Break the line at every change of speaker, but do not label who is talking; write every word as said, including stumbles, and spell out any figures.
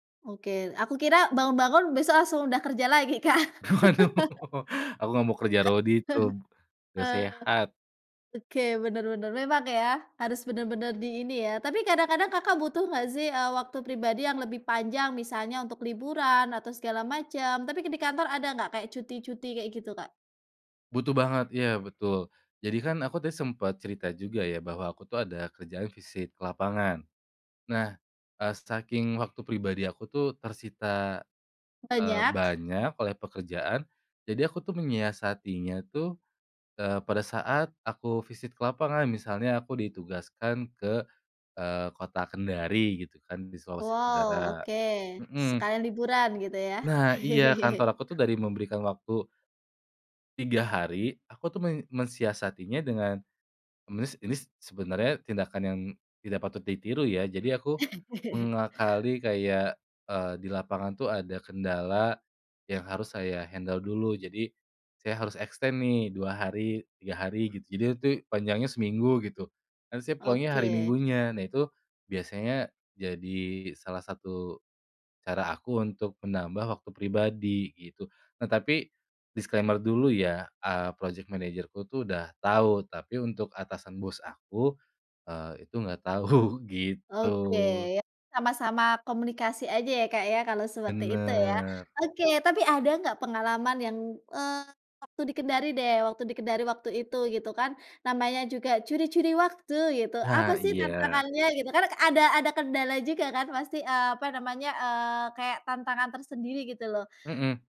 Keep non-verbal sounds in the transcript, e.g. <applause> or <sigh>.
Oke aku kira bangun-bangun besok langsung udah kerja lagi Kak.
Waduh
<laughs>
<laughs> aku gak mau kerja rodi tuh,
<chuckles>
gak
Oh,
sehat.
oke bener bener memang ya harus bener-bener di ini ya tapi kadang-kadang Kakak butuh nggak sih, eee, waktu pribadi yang lebih panjang misalnya untuk liburan atau segala macam tapi di kantor ada nggak kayak cuti-cuti kayak gitu Kak?
Butuh banget ya betul, jadi kan aku tadi sempet cerita juga ya bahwa aku tuh ada kerjaan visit ke lapangan, nah, eee, saking waktu pribadi aku tuh tersita, eee,
Banyak.
banyak oleh pekerjaan, jadi aku tuh menyiasatinya tuh, eee, pada saat aku visit ke lapangan misalnya aku ditugaskan ke, eee, kota Kendari gitu kan di Sulawesi
Wow
Tenggara,
oke,
mhm.
sekalian liburan gitu ya.
Nah iya kantor
<chuckles>
aku tuh dari memberikan waktu tiga hari aku tuh men mensiasatinya dengan, nis ini sebenarnya tindakan yang, tidak patut ditiru ya jadi aku,
<chuckles>
mengakali kayak, eee, di lapangan tuh ada kendala, yang harus saya handle dulu jadi, saya harus extend nih dua hari hari, tiga hari gitu jadi itu panjangnya seminggu gitu, nah saya pulangnya hari
Oke.
minggunya nah itu, biasanya jadi salah satu, cara aku untuk menambah waktu pribadi gitu nah tapi, disclaimer dulu ya, eee, project managerku tuh udah tahu tapi untuk atasan bos aku, eee, itu nggak tahu gitu.
Oke ya sama-sama komunikasi aja ya Kak ya kalau seperti itu ya.
Bener.
Oke tapi ada nggak pengalaman yang, eee, waktu di Kendari deh waktu di Kendari waktu itu gitu kan, namanya juga curi-curi waktu gitu apa
Nah
sih
iya.
tantangannya gitu kan kan ada ada kendala juga kan pasti, eee, apa namanya, eee, kayak tantangan tersendiri gitu loh.
Mhm.